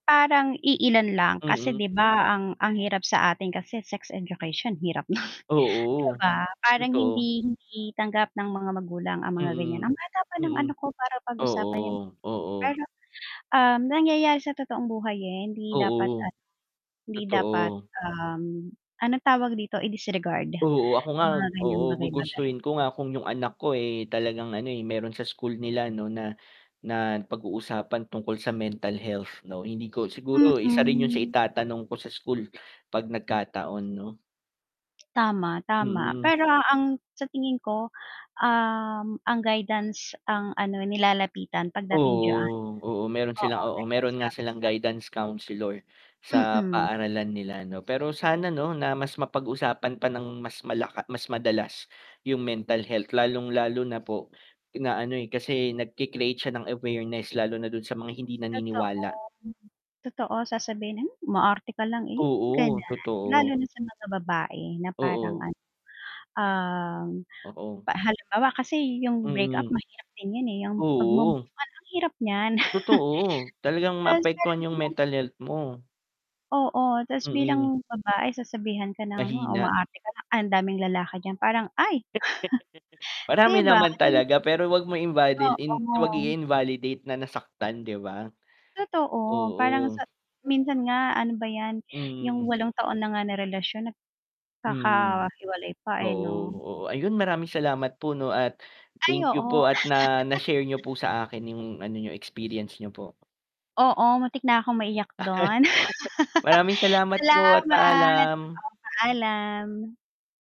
Parang iilan lang, kasi Mhm. 'di ba, ang hirap sa atin kasi sex education, hirap non 'di Oo, ba? Parang totoo. hindi tanggap ng mga magulang ang mga ganyan, Mhm, ang bata pa mhm, para pag-usapan. 'yung oo, oo. Pero nangyayari sa totoong buhay eh, hindi dapat Oo, ah, hindi dapat, totoo. ahm, ano tawag dito i-disregard Oo, ako nga, 'yung mga ganyang oo, bagay-bagay. gugustuhin ko nga kung 'yung anak ko, eh, talagang ano, eh, meron sa school nila no, na, na pag uusapan tungkol sa mental health no, hindi ko, siguro isa rin 'yun sa Mm. itatanong ko sa school pag nagkataon. Tama, tama. Mhm. Pero ang sa tingin ko, ahm. Ang guidance ang ano nilalapitan pagdating d'yan, Oo, oo, meron oo sila oo, guidance meron nga silang councelor. guidance counselor sa Mhm. paaralan nila. Pero sana mas mapag-usapan pa nang mas malaka, mas madalas 'yung mental health, lalong-lalo na po na ano, eh, kasi nag-cre-create siya ng awareness, lalo na dun sa mga hindi Totoo, naniniwala. totoo. Sasabihin mo umarte lang iyon, Oo, ganyan. Lalo totoo. na sa mga babae na parang Oo. ano ahm, Oo. halimbawa kasi, 'yung breakup Mhm. mahirap din 'yun, eh. 'yung Oo. pagmove-on ang hirap niyan. Totoo, talagang maapektuhan 'yung mental health mo. Oo, tas Mhm. bilang babae sasabihan ka na O, Mahina. umaarte ka, Ang daming lalaki diyan. Parang, ay. 'Di Marami ba? naman talaga, pero wag mo invali wag Oo. i-invalidate na nasaktan, 'di ba? Tooto, parang oo. sa minsan nga ano ba 'yan, 'yung Hmm. 8 taon na nga na relasyon, nag Hmm, kakahiwalay pa, eh oo, no? oo, ayun, maraming salamat po, no? At Ay, thank you oo. po at na na-share niyo po sa akin 'yung ano experience niyo, po. Oo, matik nakong maiyak don. Maraming salamat po at Salamat, paalam. paalam.